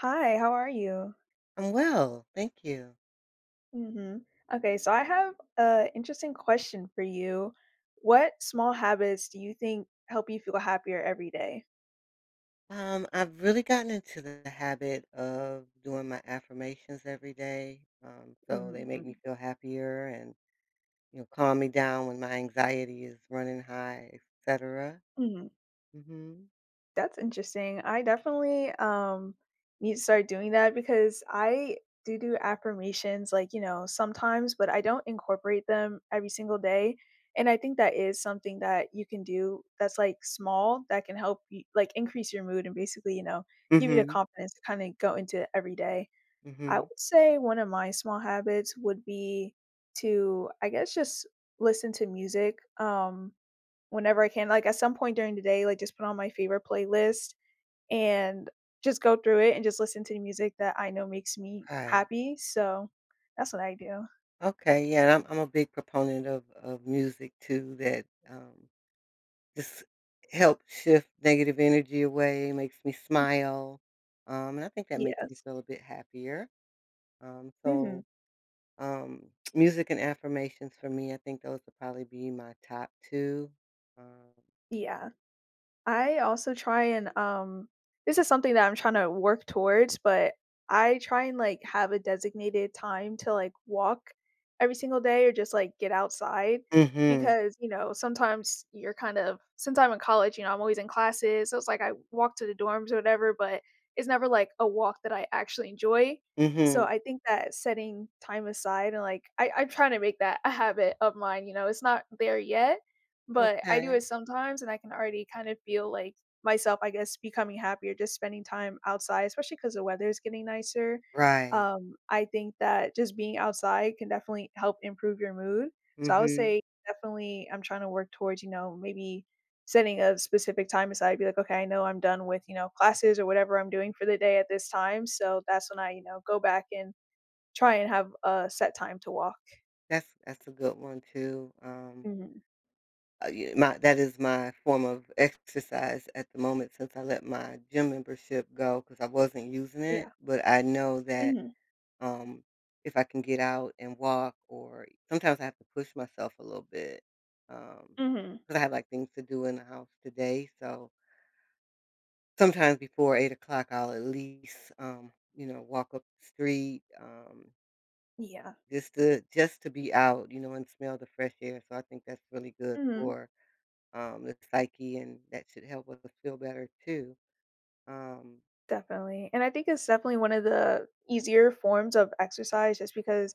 Hi, how are you? I'm well, thank you. Mhm. Okay, so I have a interesting question for you: what small habits do you think help you feel happier every day? Um, I've really gotten into the habit of doing my affirmations every day, um, so they Mhm, make me mm. feel happier and, you know, calm me down when my anxiety is running high, etcetera. Mhm. Mhm. That's interesting. I definitely, um, need to start doing that because I do do affirmations, like, you know, sometimes, but I don't incorporate them every single day, and I think that is something that you can do that's, like, small that can help y like increase your mood and basically, you know, give you the Mhm. confidence to, kinda, go into every day. I Mhm. would say one of my small habits would be to, I guess, just listen to music, um, whenever I can, like, at some point during the day, like, just put on my favorite playlist, and just go through it, and just listen to the music that I know makes me Right. happy. So, that's what I do. Okay yeah, and I'm I'm a big proponent of of music too that, um, just help shift negative energy away, makes me smile, um, and I think that makes me Yes. feel a bit happier, um Mhm. so, um, music and affirmations, for me I think those would probably be my top 2, um Yeah. I also try and, um this is something that I'm trying to work towards, but I try and, like, have a designated time to, like, walk every single day or just, like, get outside Mhm. because, you know, sometimes you're kind of since I'm in college, you know, I'm always in classes, so, it's like I walk to the dorms or whatever, but it's never, like, a walk that I actually enjoy, so, Mhm. I think that setting time aside and, like I I'm trying to make that a habit of mine, you know? It's not there yet, but I do Okay. it sometimes, and I can already kind of feel, like, myself, I guess, becoming happier, just spending time outside, especially 'cause the weather is getting nicer. Right. Um, I think that just being outside can definitely help improve your mood. So, I would Mhm. say, definitely, I'm trying to work towards, you know, maybe setting a specific time aside. Be like, "Okay. I know I'm done with," you know, "classes or whatever I'm doing for the day at this time." So, that's when I, you know, go back and try and have a set time to walk. That's that's a good one too. Um Mhm. Uh, ye my that is my form of exercise at the moment since I let my gym membership go 'cause I wasn't using Yeah. it. But I know that, Mhm. um, if I can get out and walk or sometimes I have to push myself a little bit, um, Mhm. cause I have, like, things to do in the house today, so Sometimes before 8:00 I'll at least, um, you know, walk up the street, um Yeah. just to just to be out, you know, and smell the fresh air. So, I think that's really good Mhm. for, um, the psyche, and that should help us feel better too. Um Definitely, and I think it's definitely one of the easier forms of exercise just because,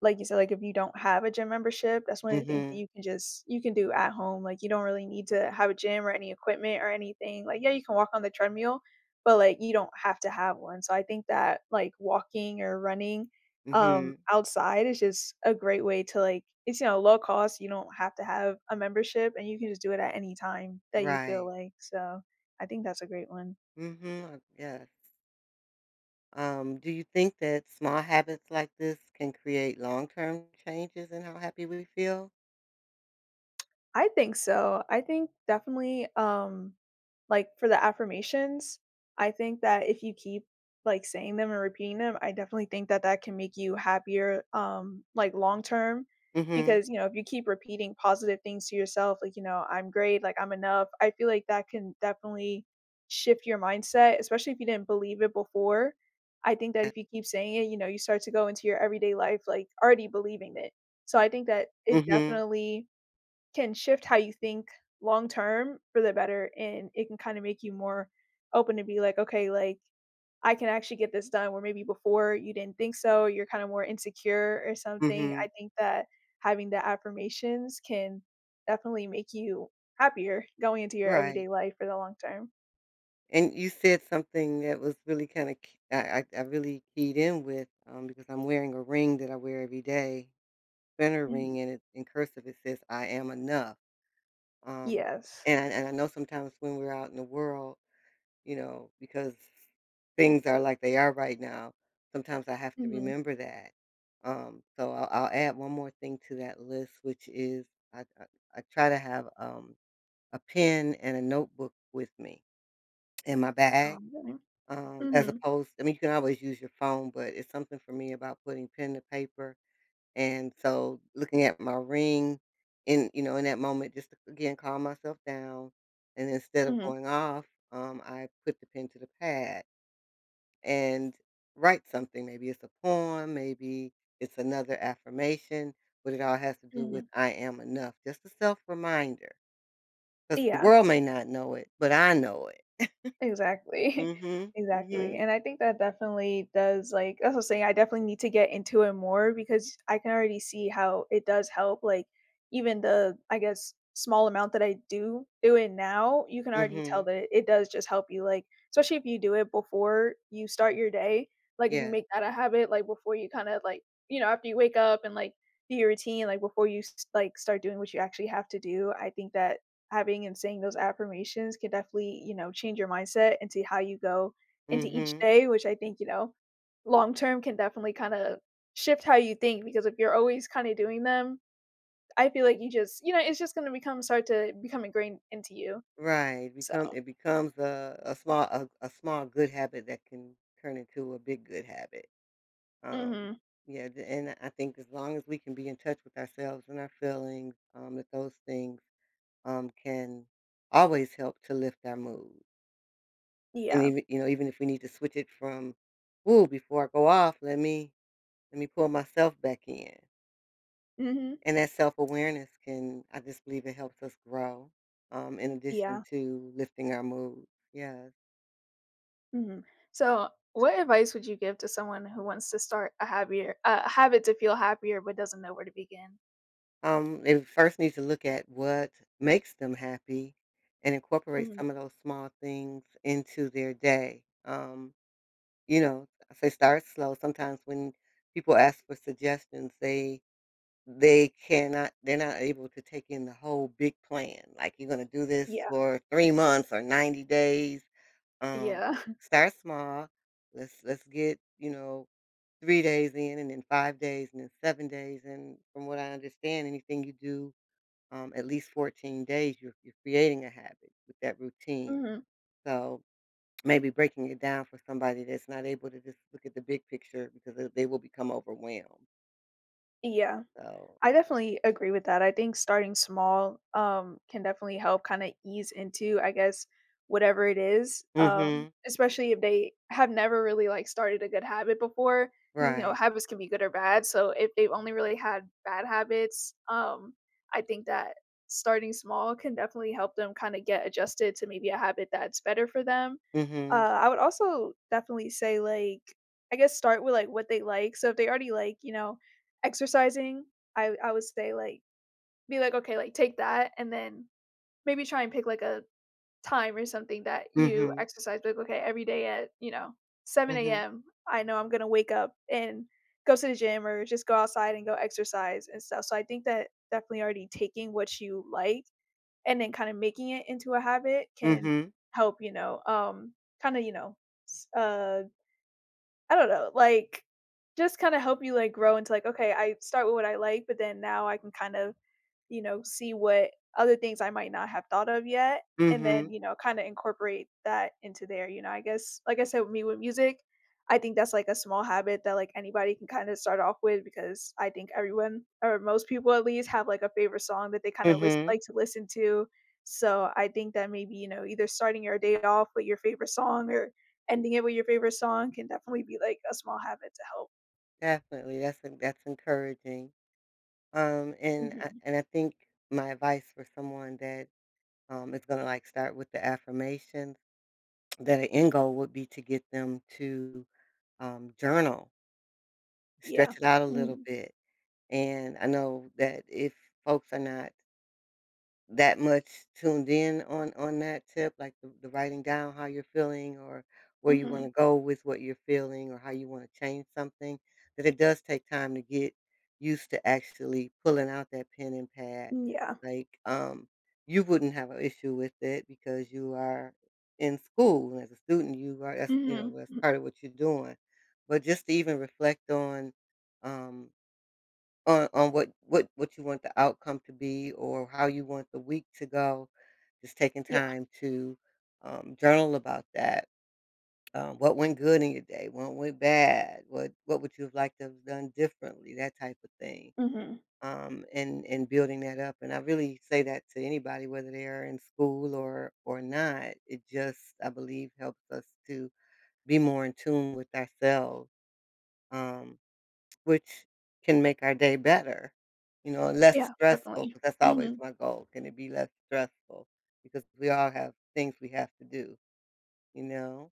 like you said, like, if you don't have a gym membership, that's one of the things that Mhm. you can just you can do at home, like, you don't really need to have a gym or any equipment or anything, like, yeah, you can walk on the treadmill, but, like, you don't have to have one, so I think that, like, walking or running, um, Mhm. outside is just a great way to, like it's, you know, low-cost, you don't have to have a membership, and you can just do it at any time that you feel Right. like, so, I think that's a great one. Mhm. Uh, yes. Um, do you think that small habits like this can create long-term changes in how happy we feel? I think so. I think definitely, um, like, for the affirmations, I think that if you keep, like, saying them or repeating them, I definitely think that that can make you happier, um, like, long-term Mhm. because, you know, if you keep repeating positive things to yourself, like, you know, "I'm great," like, "I'm enough," I feel like that can definitely shift your mindset, especially if you didn't believe it before. I think that Eh if you keep saying it, you know, you start to go into your everyday life, like, already believing it. So I think that it Mhm. definitely can shift how you think long-term for the better, and it can kinda make you more open to be like, "Okay, like, I can actually get this done," where maybe before you didn't think so or you're kinda more insecure or something. I Mhm. think that having the affirmations can definitely make you happier going into your Right. everyday life for the long term. And you said something that was really kinda k I I I really keyed in with, um, because I'm wearing a ring that I wear every day. Vena Mhm. ring, and it in cursive, it says, "I am enough." Um, Yes. and I and I know sometimes when we're out in the world, you know, because things are like they are right now, sometimes I have to Mhm. remember that, um, so I'll I'll add 1 more thing to that list, which is I I I try to have, um, a pen and a notebook with me in my bag, Um, don't know. um, as Mhm. opposed I mean, you can always use your phone, but it's something for me about putting pen to paper, and so, looking at my ring in you know, in that moment just to, again, calm myself down, and instead of Mhm. going off, um, I put the pen to the pad and write something, maybe it's a poem, maybe it's another affirmation, but it all has to do with Mhm "I am enough," just a self-reminder. 'Cause the Yeah. world may not know it, but I know it. Exactly. Mhm, Exactly. mhm. And I think that definitely does, like as I was saying, I definitely need to get into it more because I can already see how it does help, like, even the, I guess, small amount that I do it would now, you can already tell Mhm. that it does just help you, like, specially if you do it before you start your day, like, if you Yeah. make that a habit, like, before you kinda, like, you know, after you wake up and, like, your routine, like, before you, s s like, start doing what you actually have to do, I think that having and saying those affirmations can definitely, you know, change your mindset and see how you go into each Mhm. day, which I think, you know, long term can definitely kinda shift how you think because if you're always kinda doing them, I feel like you just you know, it's just gonna become start to become ingrained into you. Right. So Become it becomes a a small a a small good habit that can turn into a big good habit. Um, Mhm. yeah, the and the I think as long as we can be in touch with ourselves and our feelings, um, that those things, um, can always help to lift our mood. And Yeah. even you know, even if we need to switch it from, "Ooh, before I go off, let me let me pull myself back in." Mhm. And that self-awareness can I just believe it helps us grow, um, in addition Yeah. to lifting our mood, yeah. Mhm. So, what advice would you give to someone who wants to start a happier a habit to feel happier but doesn't know where to begin? Um, they first need to look at what makes them happy and incorporate Mhm. some of those small things into their day, um, you know, if they start slow sometimes when people ask for suggestions, they they cannot they're not able to take in the whole big plan, like you're gonna do this Yeah. for 3 months or 90 days. Um, Yeah. start small, let's let's get, you know, 3 days in and then 5 days and then 7 days and, from what I understand, anything you do, um, at least 14 days you're you're creating a habit with that routine. Mhm. So, maybe breaking it down for somebody that's not able to just look at the big picture because they they will become overwhelmed. Yeah. So I definitely agree with that. I think starting small, um, can definitely help kinda ease into, I guess, whatever it is, um, Mhm. especially if they have never really, like, started a good habit before. You know, Right. habits can be good or bad, so if they've only really had bad habits, um, I think that starting small can definitely help them kinda get adjusted to maybe a habit that's better for them. Uh, Mhm. I would also definitely say, like, I guess, start with, like, what they like. So if they already like, you know, exercising, I I would say, like be like, okay, like, take that, and then maybe try and pick, like, a time or something that you Mhm. exercise. Be like, "Okay. Every day at, you know, 7 Mhm. AM, I know I'm gonna wake up and go to the gym or just go outside and go exercise and stuff." So I think that definitely already taking what you like and then kinda making it into a habit can Mhm. help, you know, um, kinda, you know, s uh, I don't know, like, just kinda help you, like, grow into, like, "Okay. I start with what I like, but then now I can kinda, you know, see what other things I might not have thought of yet." And then, Mhm. you know, kinda incorporate that into there, you know, I guess. Like I said, with me with music, I think that's, like, a small habit that, like, anybody can kinda start off with because I think everyone or most people at least have, like, a favorite song that they kinda list Mhm. like to listen to. So I think that maybe, you know, either starting your day off with your favorite song or ending it with your favorite song can definitely be, like, a small habit to help. Definitely. That's en that's encouraging. Um, and I Mhm. and I think my advice for someone that, um, is gonna, like, start with the affirmations, that the end goal would be to get them to, um, journal. Yeah. Stretch it out a little Mhm. bit. And I know that if folks are not that much tuned in on on that tip, like, th the writing down how you're feeling, or where you Mhm. wanna go with what you're feeling, or how you wanna change something, that it does take time to get used to actually pulling out that pen and pad. Mm, yeah. Like, um, you wouldn't have a issue with it because you are in school. And as a student, you are that's, you know, Mhm, that's m part of what you're doing. But just to even reflect on, um, on on what what what you want the outcome to be or how you want the week to go, just taking Yeah. time to, um, journal about that. Um, "What went good in your day? What went bad? What what would you have liked to have done differently?" That type of thing. Mhm. Um, and and building that up. And I really say that to anybody whether they are in school or or not. It just, I believe, helps us to be more in tune with ourself, um, which can make our day better, you know, less Yeah. stressful. Definitely. But, that's always Mhm. my goal, "Can it be less stressful?" Because we all have things we have to do. You know?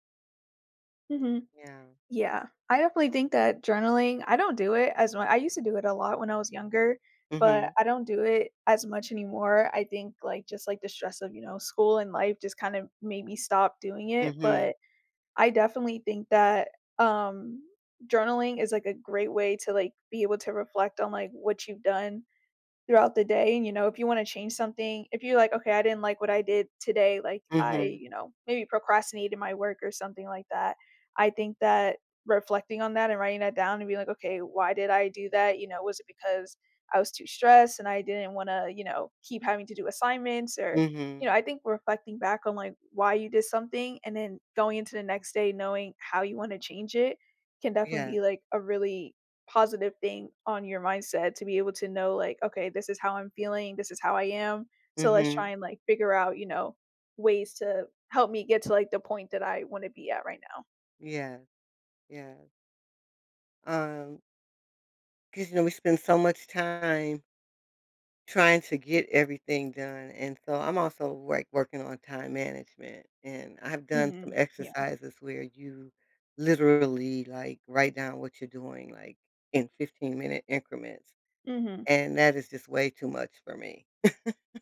Mhm. Yeah. Yeah. I definitely think that journaling I don't do it as mu I used to do it, a lot, when I was younger, but Mhm. I don't do it as much anymore. I think, like, just, like, the stress of, you know, school and life, just kind of, made me stop doing it, Mhm. but I, definitely, think that, um, journaling is, like, a great way to, like, be able to reflect on, like, what you've done throughout the day, and, you know, if you wanna change something if you're like, "Okay. I didn't like what I did today," like, "I, Mhm. you know, maybe procrastinated my work, or something like that" I think that reflecting on that and writing that down and being like, "Okay. Why did I do that, you know? Was it because I was too stressed and I didn't wanna, you know, keep having to do assignments," or, you Mhm. know I think reflecting back on, like, why you did something, and then going into the next day knowing how you wanna change it can, definitely, Yeah. be like, a really positive thing on your mindset to be able to know, like, "Okay. This is how I'm feeling. This is how I am, so let's try Mhm. and, like, figure out, you know, ways to help me get to, like, the point that I wanna be at right now." Yeah, yeah. Um 'cause, you know we spend so much time trying to get everything done. And so I'm also, like, working on time management and I've done some Mhm, yeah. exercises where you literally, like, write down what you're doing, like, in fifteen-minute increments, Mhm. and that is just way too much for me.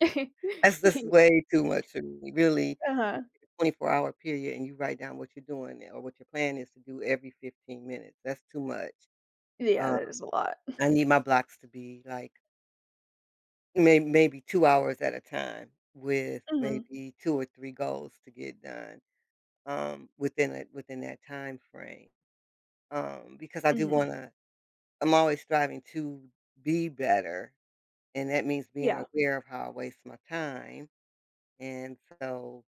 That's just Yeah. way too much for me. Really, Uh-huh. twenty-four-hour period, and you write down what you're doing there or what your plan is to do every 15 minutes that's too much. Yeah, Um, that is a lot. I need my blocks to be, like may maybe 2 hours at a time with Mhm. maybe 2 or 3 goals to get done, um, within that within that time frame, um, because I do Mhm. wanna I'm always striving to be better, and that means being Yeah. aware of how I waste my time and so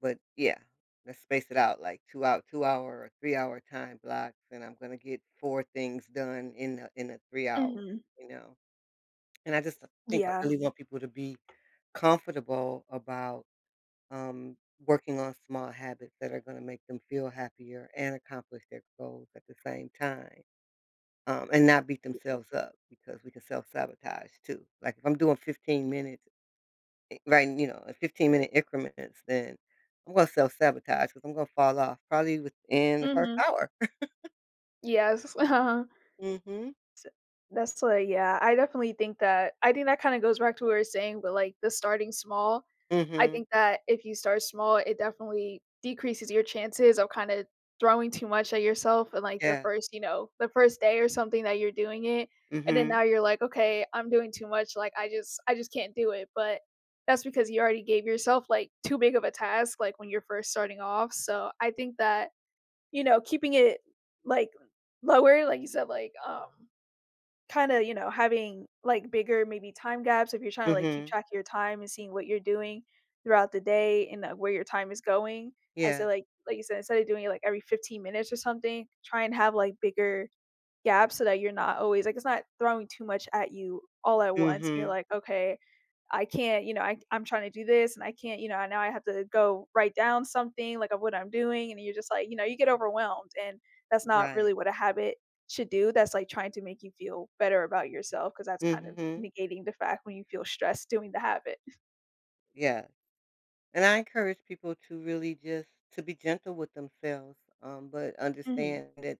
but, yeah, let's space it out, like, 2 hou two-hour or three-hour time blocks, and I'm gonna get 4 things done in a in a 3 hour, Mhm. you know, and I just th think I Yeah. really want people to be comfortable about, um, working on small habits that are gonna make them feel happier and accomplish their goals at the same time, um, and not beat [unintelligible] themselves up because we can self-sabotage too, like, if I'm doing 15 minutes eh, right, and you know, uh, fifteen-minute increments, then I'm gonna self-sabotage 'cause I'm gonna fall off probably within the 1st Mhm. hour. Yes. Uh-huh. Sa Mhm. That's why Yeah, I definitely think that I think that kinda goes back to what you were saying, about, like, the starting small. I Mhm. think that if you start small, it definitely decreases your chances of kinda throwing too much at yourself in, like, the Yeah. first you know, the first day or something that you're doing it. And then Mhm. now you're like, "Okay. I'm doing too much. Like, I just I just can't do it." But that's because you already gave yourself, like, too big of a task, like, when you're first starting off. So I think that, you know, keeping it, like, lower, like you said, like, um, kinda, you know, having, like, bigger maybe time gaps, if you're trying to, like, keep Mhm. track of your time and seeing what you're doing throughout the day and, uh, where your time is going, I say, Yeah. like like you said, instead of doing it, like, every 15 minutes or something, try and have, like, bigger gaps so that you're not always like it's not throwing too much at you all at once and you're Mhm. like, "Okay. I can't" you know "I c I'm trying to do this, and I can't" you know "and now I have to go write down something, like, of what I'm doing," and you're just like you know, you get overwhelmed, and that's not Right. really what a habit should do that's, like, trying to make you feel better about yourself 'cause that's kinda Mhm. negating the fact when you feel stressed doing the habit. Yes. And I encourage people to really just to be gentle with themselves, um, but Mhm. understand that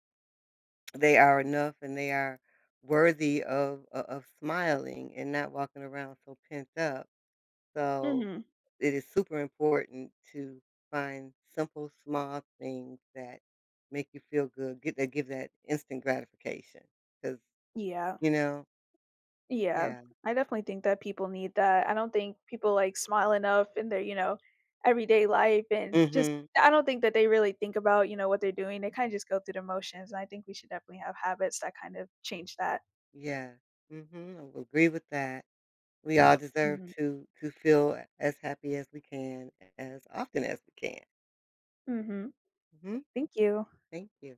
they are enough and they are worthy of o of smiling and not walking around so pent up. So, Mhm. it is super important to find simple, small things that make you feel good, get that give that instant gratification 'cause Yeah. you know? Yeah. Yeah. I definitely think that people need that. I don't think people, like, smile enough in their, you know, everyday life. And just Mhm. I don't think that they really think about, you know, what they're doing. They kinda just go through the motions, and I think we should definitely have habits that kind of change that. Yeah. Mhm, I would agree with that. We all deserve Mhm. to to feel as happy as we can as often as we can. Mhm. Mhm. Thank you. Thank you.